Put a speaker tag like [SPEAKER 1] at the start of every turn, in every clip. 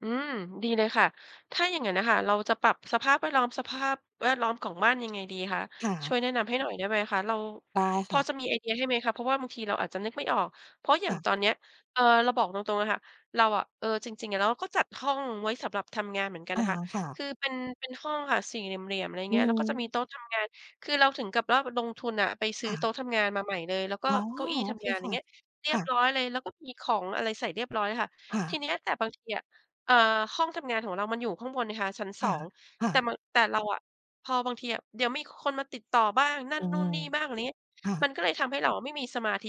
[SPEAKER 1] อืม ดีเลยค่ะ ถ้าอย่างนั้นอะค่ะ เราจะปรับสภาพแวดล้อม สภาพแวดล้อมของบ้านยังไงดีคะ?
[SPEAKER 2] ค่
[SPEAKER 1] ช่ว
[SPEAKER 2] ะ
[SPEAKER 1] ยแนะนำให้หน่อยได้ไหมคะ? เรา
[SPEAKER 2] ได้
[SPEAKER 1] พ
[SPEAKER 2] ค
[SPEAKER 1] อ
[SPEAKER 2] ่ะ
[SPEAKER 1] จะมีไอเดียให้ไหมคะ? เพราะว่าบางทีเราอาจจะนึกไม่ออก เพราะอย่
[SPEAKER 2] ค
[SPEAKER 1] าง
[SPEAKER 2] ่ะ
[SPEAKER 1] ตอนเนี้ย เอ่อ เราบอกตรง ๆ อะค่ะ เราอะ เออ จริง ๆ เราก็จัดห้องไว้สำหรับทำงานเหมือนกัน
[SPEAKER 2] อ
[SPEAKER 1] น
[SPEAKER 2] า
[SPEAKER 1] ะคะ
[SPEAKER 2] ค่
[SPEAKER 1] ค
[SPEAKER 2] ะ
[SPEAKER 1] ือเป็น เป็นห้องค่ะ สี่เหลี่ยม ๆ อะไรอย่าง
[SPEAKER 2] อ
[SPEAKER 1] เ
[SPEAKER 2] ื
[SPEAKER 1] งี้ย แล้วก็จะมี
[SPEAKER 2] ม
[SPEAKER 1] โต๊ะทำงาน คือเราถึงกับว่าลงทุนอะไปซื
[SPEAKER 2] ค
[SPEAKER 1] ้อ
[SPEAKER 2] ่
[SPEAKER 1] โต๊
[SPEAKER 2] ะ
[SPEAKER 1] ะทำงานมาใหม่เลย แล้วก็
[SPEAKER 2] อ๋อ
[SPEAKER 1] เก้าอี้
[SPEAKER 2] โอ
[SPEAKER 1] ท
[SPEAKER 2] เค
[SPEAKER 1] ำงาน อย
[SPEAKER 2] ค
[SPEAKER 1] ่า
[SPEAKER 2] ่
[SPEAKER 1] ง
[SPEAKER 2] ะ
[SPEAKER 1] เงี้ย เรี
[SPEAKER 2] ค
[SPEAKER 1] ย
[SPEAKER 2] ่
[SPEAKER 1] บ
[SPEAKER 2] ะ
[SPEAKER 1] ร้อยเลย แล้วก็มีของอะไรใส่เรียบร้อยค่ะ
[SPEAKER 2] ค่
[SPEAKER 1] ที
[SPEAKER 2] ะ
[SPEAKER 1] เนี้ย แต่บางทีอะ เอ่อ ห้องทำงานของเรามันอยู่ข้างบนนะคะชั้น 2
[SPEAKER 2] ค่
[SPEAKER 1] แ
[SPEAKER 2] ะ
[SPEAKER 1] ต่
[SPEAKER 2] ๆ
[SPEAKER 1] มัน แต่เราอะ พอบางทีอะ เดี๋ยวมีคนมาติดต่อบ้าง นั่
[SPEAKER 2] อ
[SPEAKER 1] น
[SPEAKER 2] ื
[SPEAKER 1] นู่
[SPEAKER 2] ม
[SPEAKER 1] นนี่บ้าง อะไรอย่างเนี้ย
[SPEAKER 2] ค่
[SPEAKER 1] มั
[SPEAKER 2] ะ
[SPEAKER 1] นก็เลยทำให้เราอะไม่มีสมาธิ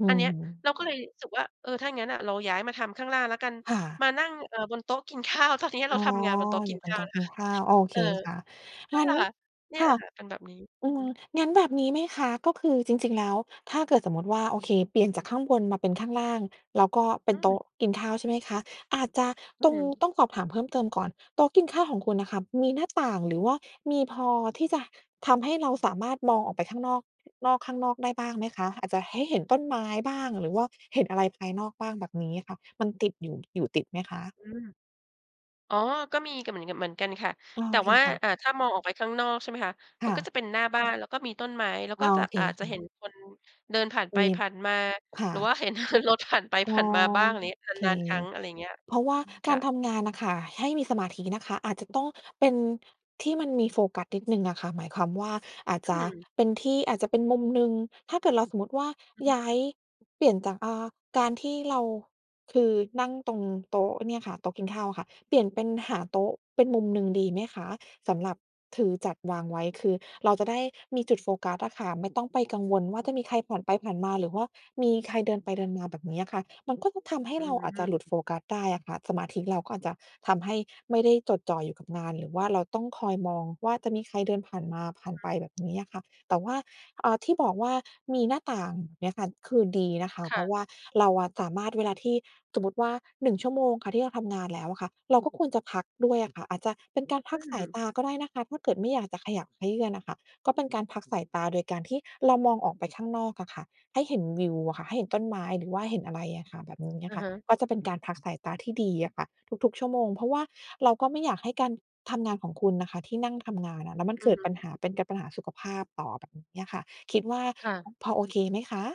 [SPEAKER 2] อื
[SPEAKER 1] อันเนี้ย
[SPEAKER 2] ม
[SPEAKER 1] เราก็เลยรู้สึกว่า เออ ถ้าอย่างงั้นอะเราย้ายมาทำข้างล่างแล้วกัน
[SPEAKER 2] ค่ะ
[SPEAKER 1] มานั่ง เอ่อ บนโต๊ะกิน ข้าว ตอนเนี้ยเ
[SPEAKER 2] อ
[SPEAKER 1] ร
[SPEAKER 2] ๋
[SPEAKER 1] า
[SPEAKER 2] อ
[SPEAKER 1] ทำงานบนโต๊ะก
[SPEAKER 2] อย
[SPEAKER 1] ิ
[SPEAKER 2] ่า
[SPEAKER 1] น
[SPEAKER 2] งเป
[SPEAKER 1] ข
[SPEAKER 2] ็น
[SPEAKER 1] ้
[SPEAKER 2] โ
[SPEAKER 1] า
[SPEAKER 2] ต
[SPEAKER 1] ว
[SPEAKER 2] ๊ะ
[SPEAKER 1] นะ
[SPEAKER 2] ก
[SPEAKER 1] ค
[SPEAKER 2] ิ
[SPEAKER 1] ะ
[SPEAKER 2] นข้าว โอเค
[SPEAKER 1] เออ
[SPEAKER 2] ค่ะ
[SPEAKER 1] นั
[SPEAKER 2] ง
[SPEAKER 1] ่
[SPEAKER 2] ั
[SPEAKER 1] น
[SPEAKER 2] ้
[SPEAKER 1] แหล
[SPEAKER 2] น
[SPEAKER 1] ะค่ะ เนี่ย
[SPEAKER 2] ค่
[SPEAKER 1] อ
[SPEAKER 2] ะ
[SPEAKER 1] ะค่ะเป็นแบบนี้
[SPEAKER 2] อื
[SPEAKER 1] อื
[SPEAKER 2] ม
[SPEAKER 1] ม
[SPEAKER 2] งั้นแบบนี้ไหมคะ ก็คือจริง ๆ แล้วถ้าเกิดสมมุติว่าโอเคเปลี่ยนจากข้างบนมาเป็นข้างล่าง แล้วก็เป
[SPEAKER 1] อ
[SPEAKER 2] ็
[SPEAKER 1] ื
[SPEAKER 2] นโต๊
[SPEAKER 1] ม
[SPEAKER 2] ะกินข้าวใช่ไหมคะ? อาจจะ
[SPEAKER 1] อ
[SPEAKER 2] ต
[SPEAKER 1] ื
[SPEAKER 2] รงน
[SPEAKER 1] ม
[SPEAKER 2] ี้ต้องสอบถามเพิ่มเติมก่อน โต๊ะกินข้าวของคุณน่ะค่ะ มีหน้าต่าง หรือว่ามีพอที่จะทำให้เราสามารถมองออกไปข้างนอก นอกข้างนอกได้บ้างไหมคะ? อาจจะให้เห็นต้นไม้บ้าง หรือว่าเห็นอะไรภายนอกบ้างแบบนี้ค่ะ มันติดอยู่ อยู่ติดไหมคะ?
[SPEAKER 1] อืม อ๋อ ก็มีกัน เหมือนกัน เหมือนกันค่ะ
[SPEAKER 2] โอ
[SPEAKER 1] แต่
[SPEAKER 2] เค
[SPEAKER 1] ว่า
[SPEAKER 2] ค่ะ
[SPEAKER 1] อา ถ้ามองออกไปข้างนอกใช่ไหมคะ
[SPEAKER 2] ค
[SPEAKER 1] มั
[SPEAKER 2] ่
[SPEAKER 1] นก็
[SPEAKER 2] ะ
[SPEAKER 1] จะเป็นหน้าบ้าน แล้วก็มีต้นไม้ แล้ว
[SPEAKER 2] โอ
[SPEAKER 1] ก็จะ
[SPEAKER 2] เค
[SPEAKER 1] อาจ
[SPEAKER 2] ค
[SPEAKER 1] จะเ
[SPEAKER 2] ่
[SPEAKER 1] ห็
[SPEAKER 2] ะ
[SPEAKER 1] นคนเดินผ่านไป
[SPEAKER 2] มี
[SPEAKER 1] ผ่านมา
[SPEAKER 2] ค่
[SPEAKER 1] หรือ
[SPEAKER 2] ะ
[SPEAKER 1] ว่าเห็น รถผ่านไป
[SPEAKER 2] อ๋
[SPEAKER 1] ผ
[SPEAKER 2] อ
[SPEAKER 1] ่านมาบ้าง อะไรยังเงี้ย
[SPEAKER 2] โอเค
[SPEAKER 1] นาน ๆ ครั้ง อะไรอย่างเงี้ย
[SPEAKER 2] เพราะว่าก
[SPEAKER 1] ค
[SPEAKER 2] า
[SPEAKER 1] ่ะ
[SPEAKER 2] รทำงานน่ะค่ะ ให้มีสมาธินะคะ
[SPEAKER 1] อ
[SPEAKER 2] อาจจะต้องเป็นที่มันมีโฟกัสนิดหนึ่งอะค่ะ หมายความว่า อาจ
[SPEAKER 1] อื
[SPEAKER 2] จะ
[SPEAKER 1] ม
[SPEAKER 2] เป็นที่ อาจจะเป็นมุมหนึ่ง ถ้าเกิดเราสมมุติว่า
[SPEAKER 1] อื
[SPEAKER 2] ย้า
[SPEAKER 1] ม
[SPEAKER 2] ยเปลี่ยนจาก อา การที่เรา คือนั่งตรงโต๊ะเนี่ยค่ะ โต๊ะกินข้าวอะค่ะ เปลี่ยนเป็นหาโต๊ะเป็นมุมหนึ่งดีไหมคะ? สำหรับคือจัดวางไว้ คือเราจะได้ มีจุดโฟกัสอะค่ะ ไม่ต้องไปกังวลว่าจะมีใครผ่านไปผ่านมา หรือว่ามีใครเดินไปเดินมาแบบนี้อะค่ะ มันก็จะทำให้
[SPEAKER 1] อื
[SPEAKER 2] เราอาจจะหล
[SPEAKER 1] ม
[SPEAKER 2] ุดโฟกัสได้อะค่ะ สมาธิเราก็อาจจะทำให้ไม่ได้จดจ่ออยู่กับงาน หรือว่าเราต้องคอยมองว่าจะมีใครเดินผ่านมาผ่าน
[SPEAKER 1] อ
[SPEAKER 2] ไ
[SPEAKER 1] ื
[SPEAKER 2] ป
[SPEAKER 1] ม
[SPEAKER 2] แบบนี้อะค่ะ แต่ว่า อา ที่บอกว่ามีหน้าต่างเนี่ยค่ะ คือดีนะคะ
[SPEAKER 1] ค
[SPEAKER 2] เพ
[SPEAKER 1] ่
[SPEAKER 2] รา
[SPEAKER 1] ะ
[SPEAKER 2] ะว่าเราอะสามารถเวลาที่ สมมุติว่า 1 ชั่วโมงค่ะ ที่ทำงานแล้วอะค่ะ เราก็ควรจะพักด้วยอะค่ะ อาจจะเป็นการพ
[SPEAKER 1] อ
[SPEAKER 2] ั
[SPEAKER 1] ื
[SPEAKER 2] กสาย
[SPEAKER 1] ม
[SPEAKER 2] ตาก็ได้นะคะ ถ้าเกิดไม่อยากจะขยับเขยื้อนอะค่ะ ก็เป็นการพักสายตาโดยการที่เรามองออกไปข้างนอกอะค่ะ ให้เห็นวิวอะค่ะ ให้เห็นต้นไม้ หรือว่าเห็นอะไรอะค่ะ แบบนี้อ
[SPEAKER 1] อ
[SPEAKER 2] ะ
[SPEAKER 1] ะ
[SPEAKER 2] ค่
[SPEAKER 1] ฮ
[SPEAKER 2] ะ
[SPEAKER 1] ะ
[SPEAKER 2] ก็จะเป็นการพักสายตาที่ดีอะค่ะ ทุก ๆ ชั่วโมง เพราะว่าเราก็ไม่อยากให้การทำงานของคุณน่ะค่ะที่นั่งทำงานอะ แล้วมัน
[SPEAKER 1] อื
[SPEAKER 2] เก
[SPEAKER 1] อ
[SPEAKER 2] ิ
[SPEAKER 1] ฮ
[SPEAKER 2] ด
[SPEAKER 1] ึ
[SPEAKER 2] ปัญหา เป็นกับปัญหาสุขภาพต่อแบบนี้อะค่ะ คิดว่า
[SPEAKER 1] ค่ะ
[SPEAKER 2] พอโอเคไหมคะ?